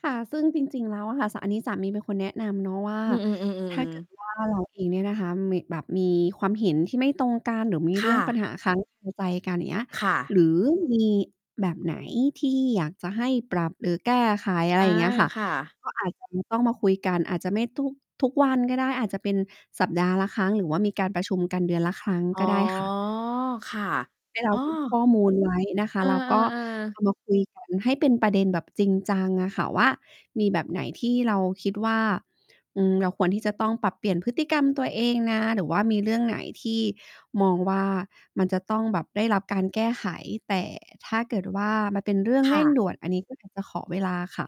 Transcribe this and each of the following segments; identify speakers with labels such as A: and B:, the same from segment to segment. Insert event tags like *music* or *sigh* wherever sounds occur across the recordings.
A: ค่ะ ซึ่งจริง ๆ แล้วอะค่ะ ส อันนี้สามีเป็นคนแนะนำเนาะว่า
B: อื
A: ถ้
B: อ
A: า
B: ๆ
A: เก
B: ๆ
A: ิ
B: ๆ
A: ดว่า เราเองเนี่ยนะคะ เหมะ แบบมีความเห็นที่ไม่ตรงกัน หรือมี
B: ค
A: เรื
B: ่
A: ่องป
B: ะ
A: ัญหาค้าง คา ใจกัน อย่างเงี้ย
B: ค่ะ
A: หรือมีแบบไหนที่อยากจะให้ปรับหรือแก้ไข อะ
B: อ
A: ไร
B: า
A: อย่างเงี้ยค่ะ
B: ค่ะ
A: ก็อาจจะมี ต้องมาคุยกัน อาจจะไม่ทุก ทุกวันก็ได้ อาจจะเป็นสัปดาห์ละครั้ง หรือว่ามีการประชุมกันเดือนละครั้ง
B: อ๋
A: ก
B: อ
A: ็ได้ค่ะ
B: ค่ะ
A: ให้เร
B: อ้
A: า
B: อ
A: เก็บ ข้อมูล ไว้ นะค
B: เ
A: ะ
B: ออ
A: แล้วก็เ
B: ๆ ๆ
A: อามาคุยกันให้เป็นประเด็นแบบจริงจังอะค่ะว่า มีแบบไหนที่เราคิดว่า อืม เราควรที่จะต้องปรับเปลี่ยนพฤติกรรมตัวเองนะ หรือว่ามีเรื่องไหนที่มองว่า มันจะต้องแบบได้รับการแก้ไข แต่ถ้าเกิดว่า มันเป็นเรื่อง
B: ค
A: เร
B: ่
A: ่ง
B: ะ
A: ด่วน อันนี้ก็อยากจะขอเวลาค่ะ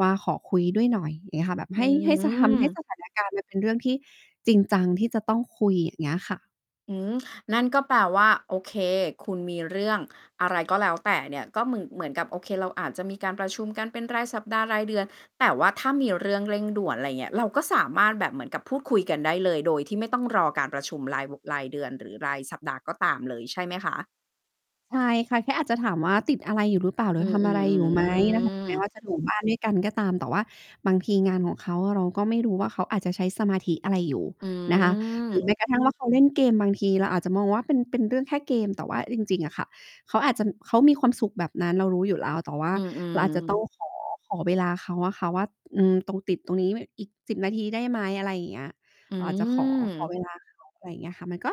A: ว่า ขอคุยด้วยหน่อย อย่างเงี้ยค่ะ แบบ
B: อื
A: ให้ ให้ จะทำให้
B: ม
A: สถานการณ์มันเป็นเรื่องที่จริงจังที่จะต้องคุย อย่างเงี้ยค่ะ
B: อืม นั่นก็แปลว่า โอเค คุณมีเรื่องอะไร ก็แล้วแต่เนี่ย ก็เหมือน เหมือนกับ โอเค เราอาจจะมีการประชุมกันเป็นรายสัปดาห์ รายเดือน แต่ว่าถ้ามีเรื่องเร่งด่วน อะไรเงี้ย เราก็สามารถแบบเหมือนกับพูดคุยกันได้เลยโดยที่ไม่ต้องรอการประชุมราย ว รายเดือนหรือรายสัปดาห์ก็ตามเลยใช่ไหมคะ?
A: ใช่ค่ะ แค่อาจจะถามว่า ติดอะไรอยู่หรือเปล่า หรื
B: อื
A: อ
B: อ
A: ท
B: ๆ
A: ำ
B: อ
A: อะไร
B: ื
A: อยู่ไหม? นะคะ ถึงแม้
B: ม
A: ว่าจะอยู่บ้านด้วยกัน ก็ตาม แต่ว่าบางทีงานของเขาอะเราก็ไม่รู้ว่า เขาอาจจะใช้สมาธิอะไรอยู่
B: อื
A: นะคะ หรือ
B: ม
A: แม้กระทั่งว่าเขาเล่นเกม บางทีเราอาจจะมองว่าเป็น เป็นเรื่องแค่เกม แต่ว่าจริง ๆ อะค่ะ เขาอาจจะ เขามีความสุขแบบนั้นเรารู้อยู่แล้ว แต่ว่า
B: อื
A: เราอาจจะ ต้อ
B: อ ๆ
A: งขอ ขอเวลาเขาอะค่ะว่า อืม ตรง ติดตรงนี้ไว้อีก 10 นาทีได้ไหม อะไรอย่างเงี้ย
B: อื
A: อาจจะขอ ขอ
B: ม
A: เวลาเขา อะไรอย่างเงี้ยค่ะ มันก็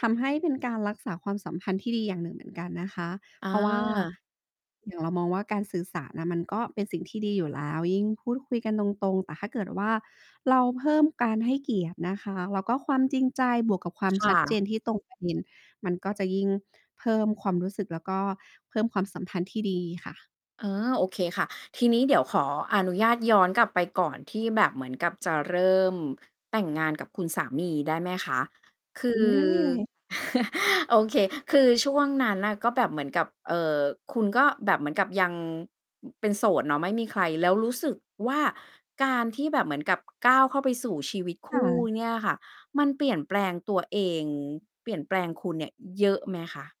A: ทำให้เป็นการรักษาความสัมพันธ์ที่ดีอย่างหนึ่งเหมือนกันนะคะ
B: อ
A: เพราะว่า
B: า
A: อย่างเรามองว่า การสื่อสารน่ะมันก็เป็นสิ่งที่ดีอยู่แล้ว ยิ่งพูดคุยกันตรง ๆ แต่ถ้าเกิดว่า เราเพิ่มการให้เกียรตินะคะ แล้วก็ความจริงใจบวกกับความ
B: ค่
A: ชัดเ
B: ะ
A: จนที่ตรง ประ เด็น มันก็จะยิ่งเพิ่มความรู้สึก แล้วก็เพิ่มความสัมพันธ์ที่ดีค่ะ
B: อ๋อ โอเคค่ะ ทีนี้เดี๋ยวขออนุญาตย้อนกลับไปก่อนที่แบบเหมือนกับจะเริ่มแต่งงานกับคุณสามีได้ไหมคะ? คื
A: อื
B: อ
A: ม
B: *chuckles* โอเค คือช่วงนั้นน่ะก็แบบเหมือนกับ เอ่อ คุณก็แบบเหมือนกับยัง เป็นโสดเนาะ ไม่มีใคร แล้วรู้สึกว่า การที่แบบเหมือนกับก้าวเข้าไปสู่ชีวิตค
A: ค่
B: ู่
A: ะ
B: เนี่ยค่ะ มันเปลี่ยนแปลงตัวเอง เปลี่ยนแปลงคุณเนี่ยเยอะไหมคะ?